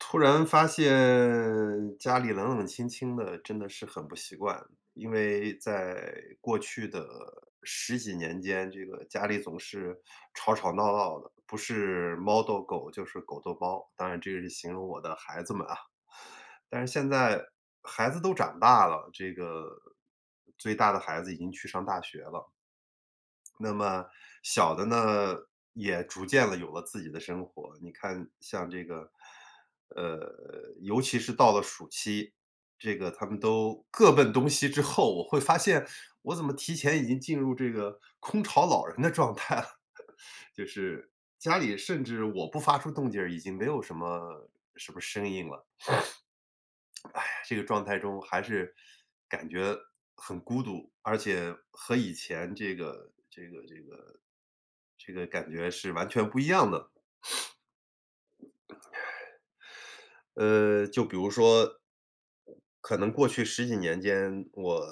突然发现家里冷冷清清的，真的是很不习惯，因为在过去的十几年间，这个家里总是吵吵闹闹的，不是猫逗狗就是狗逗猫，当然这个是形容我的孩子们啊。但是现在孩子都长大了，这个，最大的孩子已经去上大学了。那么小的呢，也逐渐地有了自己的生活。你看像这个，呃，尤其是到了暑期，这个他们都各奔东西之后，我会发现我怎么提前已经进入这个空巢老人的状态，就是家里甚至我不发出动静儿，已经没有什么什么声音了。哎呀，这个状态中还是感觉很孤独，而且和以前这个这个这个这个感觉是完全不一样的。呃，就比如说，可能过去十几年间，我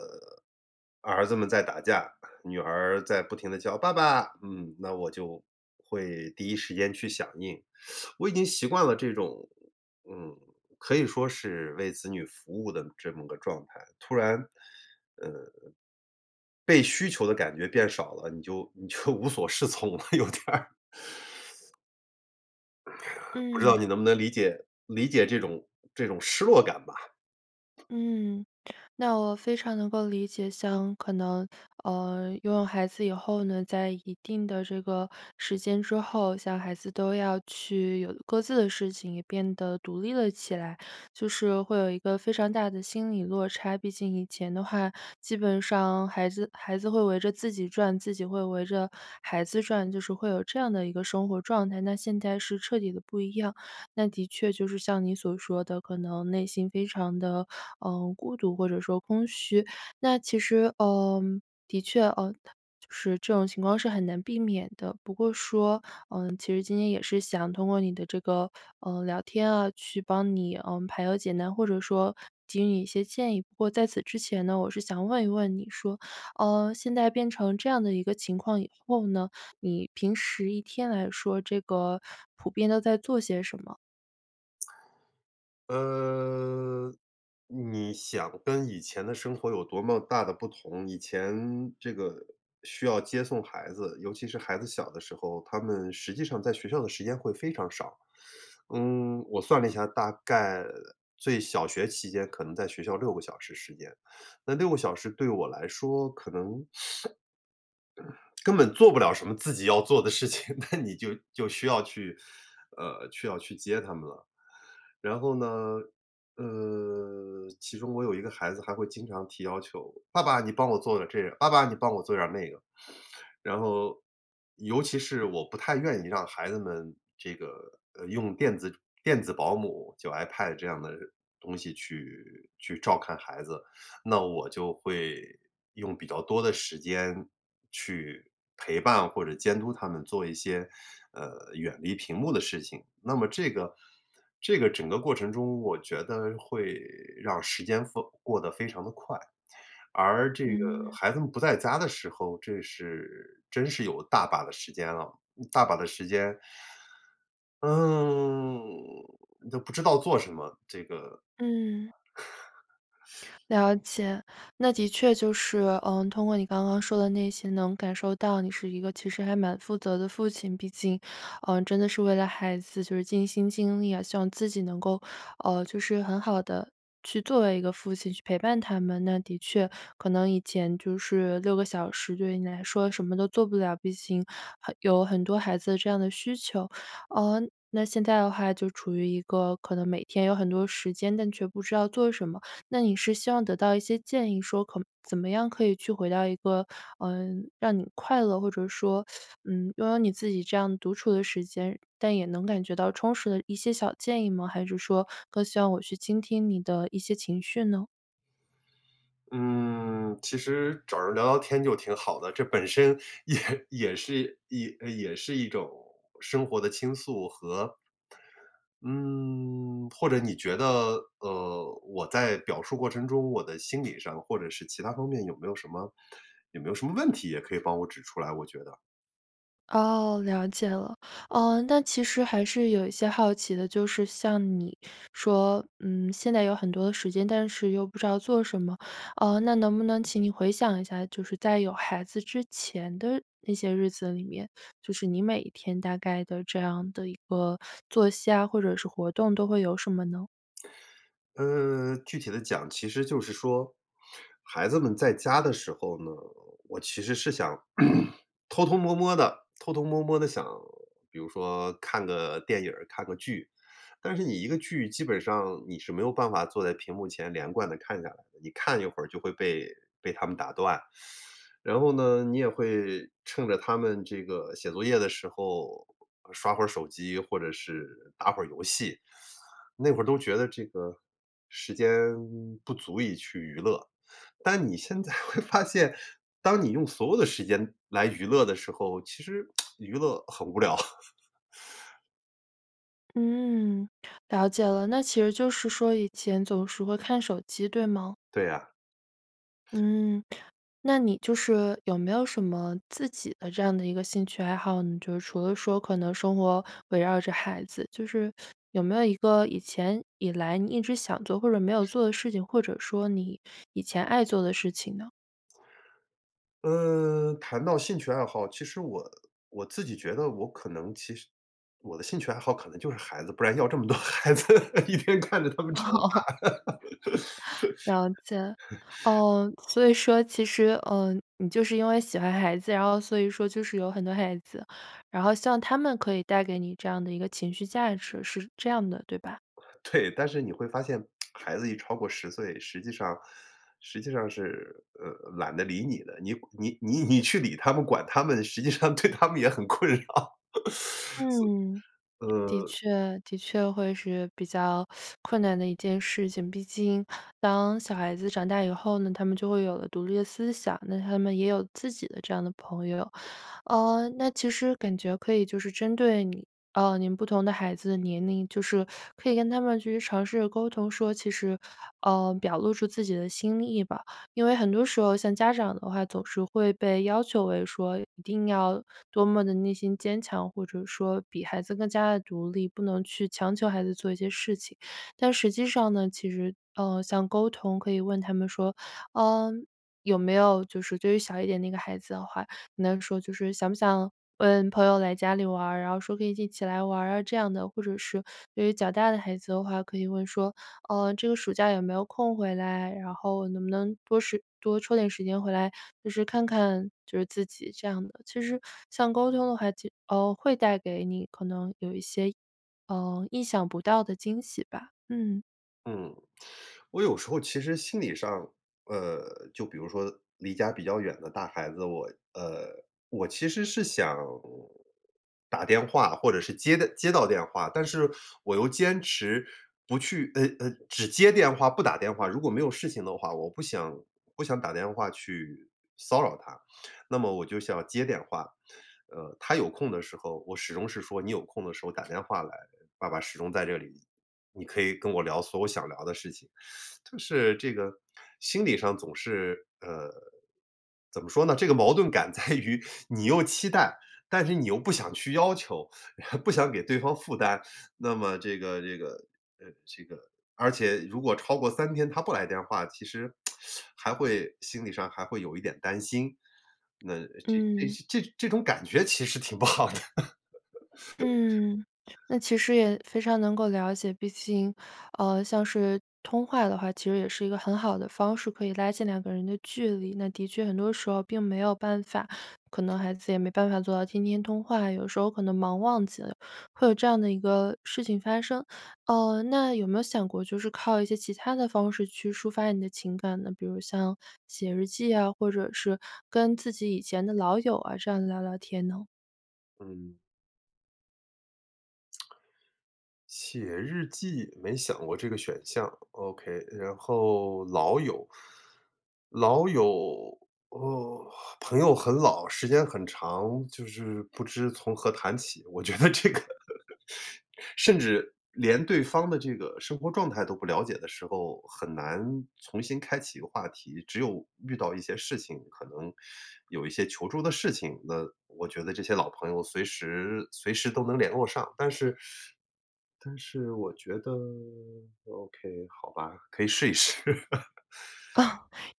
儿子们在打架，女儿在不停地叫：“爸爸！”，嗯，那我就会第一时间去响应，我已经习惯了这种，嗯，可以说是为子女服务的这么个状态。突然，嗯，被需求的感觉变少了，你就你就无所适从了有点儿。不知道你嗯。能不能理解，理解这种这种失落感吧。嗯，那我非常能够理解，像可能，呃，拥有孩子以后呢，在一定的这个时间之后，小孩子都要去有各自的事情，也变得独立了起来，就是会有一个非常大的心理落差，毕竟以前的话，基本上孩子孩子会围着自己转，自己会围着孩子转，就是会有这样的一个生活状态。那现在是彻底地不一样，那的确就是像你所说的可能内心非常地，呃，孤独或者说空虚，那其实，呃，的确，呃，就是这种情况是很难避免的。不过说，嗯，其实今天也是想通过你的这个，呃，聊天啊去帮你，嗯，排忧解难或者说给予你一些建议。不过在此之前呢，我是想问一问你说，呃，现在变成这样的一个情况以后呢，你平时一天来说这个普遍都在做些什么？呃你想跟以前的生活有多么大的不同？以前这个需要接送孩子，尤其是孩子小的时候，他们实际上在学校的时间会非常少。嗯我算了一下，大概最小学期间可能在学校6个小时时间，那6个小时对我来说可能，根本做不了什么自己要做的事情，那你就就需要去 呃，去要去接他们了。然后呢，呃，其中我有一个孩子还会经常提要求：“爸爸，你帮我做点儿这个，爸爸，你帮我做点儿那个。“然后，尤其是我不太愿意让孩子们这个用电子电子保姆，就 iPad 这样的东西去去照看孩子。那我就会用比较多的时间去陪伴或者监督他们做一些，呃远离屏幕的事情，那么这个这个整个过程中，我觉得会让时间风过得非常地快。而这个嗯。孩子们不在家的时候，这是真是有大把的时间了，大把的时间嗯，都不知道做什么，这个嗯。了解，那的确就是，呃，通过你刚刚说的那些能感受到你是一个其实还蛮负责的父亲，毕竟，呃，真的是为了孩子尽心尽力，希望自己能够，呃，就是很好地去作为一个父亲去陪伴他们，那的确可能以前就是6个小时对于你来说什么都做不了，毕竟有很多孩子这样的需求，呃那现在的话就处于一个可能每天有很多时间，但却不知道做什么。那你是希望得到一些建议说可怎么样可以去回到一个，呃让你快乐，或者说，嗯，拥有你自己这样独处的时间，但也能感觉到充实的一些小建议吗？还是说更希望我去倾听你的一些情绪呢？嗯，其实找人聊聊天就挺好的，这本身也-也是也也是一种生活的倾诉和嗯或者你觉得，呃，我在表述过程中，我的心理上或者是其它方面有没有什么有没有什么问题，也可以帮我指出来，我觉得。哦，了解了。呃，那其实还是有一些好奇的，就是像你说，嗯，现在有很多的时间，但是又不知道做什么。呃，那能不能请你回想一下，就是在有孩子之前的那些日子里面，就是你每天大概的这样的一个作息啊，或者是活动都会有什么呢？嗯，具体地讲，其实就是说，孩子们在家的时候呢，我其实是想 偷偷摸摸地偷偷摸摸地想，比如说看个电影儿，看个剧。但是你一个剧基本上你是没有办法坐在屏幕前连贯地看下来的，你看一会儿就会被被他们打断。然后呢，你也会趁着他们这个写作业的时候刷会儿手机，或者是打会儿游戏。那会儿都觉得这个时间不足以去娱乐。但你现在会发现，当你用所有的时间来娱乐的时候，其实，娱乐很无聊。嗯，了解了，那其实就是说以前总是会看手机，对吗？对啊。嗯，那你就是，有没有什么自己的这样的一个兴趣爱好？嗯，就是除了说可能生活围绕着孩子，就是 有没有一个以前以来你一直想做或者没有做的事情，或者说你，以前爱做的事情呢？呃，谈到兴趣爱好，其实我我自己觉得我可能其实我的兴趣爱好可能就是孩子，不然要这么多孩子，一边看着他们长哦。大。了解。哦，所以说其实，呃，你就是因为喜欢孩子，然后所以说就是有很多孩子。然后像他们可以带给你这样的一个情绪价值，是这样的，对吧？对，但是你会发现，孩子一超过10岁，实际上 实际上是，呃，懒得理你的，你跑你你你去理他们、管他们实际上对他们也很困扰。所嗯，的呃确的确会是比较 困难的一件事情。毕竟，当小孩子长大以后呢，他们就会有了独立的思想，那他们也有自己的这样的朋友。呃，那其实感觉可以就是针对你呃，您不同的孩子的年龄，就是，可以跟他们去尝试着沟通说，其实，呃，表露出自己的心意吧。因为很多时候像家长的话，总是会被要求为说一定要，多么地内心坚强，或者说比孩子更加地独立，不能去强求孩子做一些事情。但实际上呢，其实，呃，像沟通可以问他们说，呃，有没有就是对于小一点那个孩子的话，能说就是：“想不想问朋友来家里玩？“然后说：”可以一起来玩啊。“这样的，或者是对于较大的孩子的话可以问说：”呃，这个暑假有没有空回来？然后能不能多时多抽点时间回来。”就是看看就是自己。这样的，其实 像沟通的话，其实哦，会带给你可能有一些意呃，意想不到的惊喜吧，嗯。嗯，我有时候其实心理上，呃，就比如说离家比较远的大孩子，我呃我其实是想打电话或者是接到接到电话。但是我又坚持不去呃呃，只接电话，不打电话，如果没有事情的话，我不想不想打电话去骚扰他。那么我就想接电话。呃，他有空的时候，我始终是说你有空的时候打电话来，爸爸始终在这里，你可以跟我聊所有想聊的事情。就是这个心理上总是，呃，怎么说呢，这个矛盾感在于你又期待，但是你又不想去要求，你还不想给对方负担，那么这个这个呃这个，而且如果超过3天他不来电话，其实 还会心理上还会有一点担心。那这这嗯。这这种感觉其实挺不好的。嗯，那其实也非常能够了解，毕竟，呃，像是通话的话，其实也是一个很好的方式，可以拉近两个人的距离。那的确很多时候并没有办法可能孩子也没办法做到天天通话，有时候可能忙忘记了，会有这样的一个事情发生。呃，那有没有想过就是靠一些其它的方式去抒发你的情感呢？比如像写日记啊，或者是跟自己以前的老友啊这样子聊聊天呢？嗯。写日记，没想过这个选项，OK，然后老友 老友，哦，朋友很老，时间很长，就是不知从何谈起。我觉得这个 甚至连对方的这个生活状态都不了解的时候，很难重新开启一个话题。只有遇到一些事情，可能 有一些求助的事情，那，我觉得这些老朋友随时随时都能联络上。但是 但是我觉得 OK，好吧，可以试一试。哦，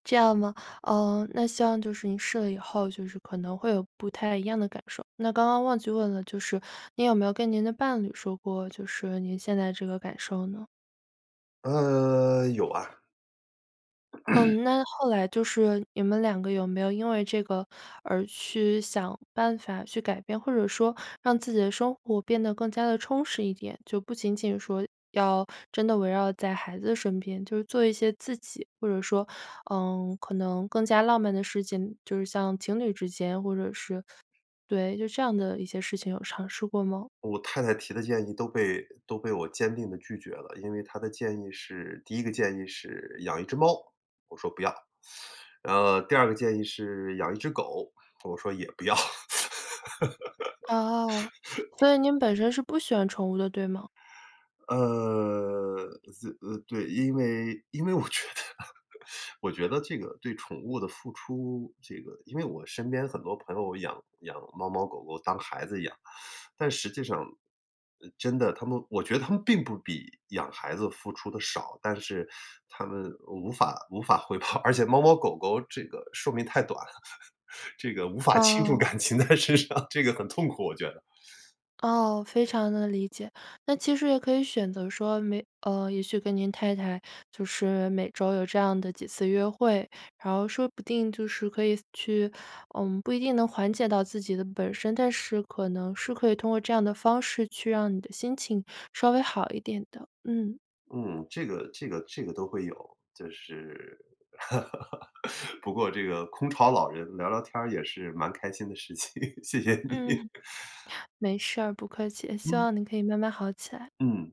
这样吗？呃，那希望就是您试了以后，就是可能会有不太一样的感受。那刚刚忘记问了就是您有没有跟您的伴侣说过，就是您现在这个感受呢？呃，有啊。嗯，那后来就是你们2个有没有因为这个而去想办法去改变？或者说，让自己的生活变得更加地充实一点？就不仅仅说，要真的围绕在孩子身边，就是做一些自己或者说，呃，可能更加浪漫的事情，就是像情侣之间，或者是对，就这样的一些事情有尝试过吗？我太太提的建议都被都被我坚定地拒绝了，因为她的建议是第1个建议是养1只猫，我说：“不要。” 呃，第2个建议是养1只狗，我说：“也不要。”哦，所以您本身是不喜欢宠物的对吗？呃，这呃，对，因为因为我觉得我觉得这个对宠物的付出，这个因为我身边很多朋友养养猫猫狗狗当孩子养，但实际上，呃，真的，他们我觉得他们并不比养孩子付出得少，但是它们无法无法回报，而且猫猫狗狗这个寿命太短了，这个无法倾注哦。感情在身上，这个很痛苦，我觉得。哦，非常地理解。那其实也可以选择说每呃，也许跟您太太就是每周有这样的几次约会，然后说不定就是可以去，呃，不一定能缓解到自己的本身，但是可能是可以通过这样的方式去让你的心情稍微好一点的，嗯。嗯，这个这个这个都会有，就是 不过这个空巢老人聊聊天儿也是蛮开心的事情，谢谢你。嗯，没事儿，不客气，希嗯。望您可以慢慢好起来。嗯。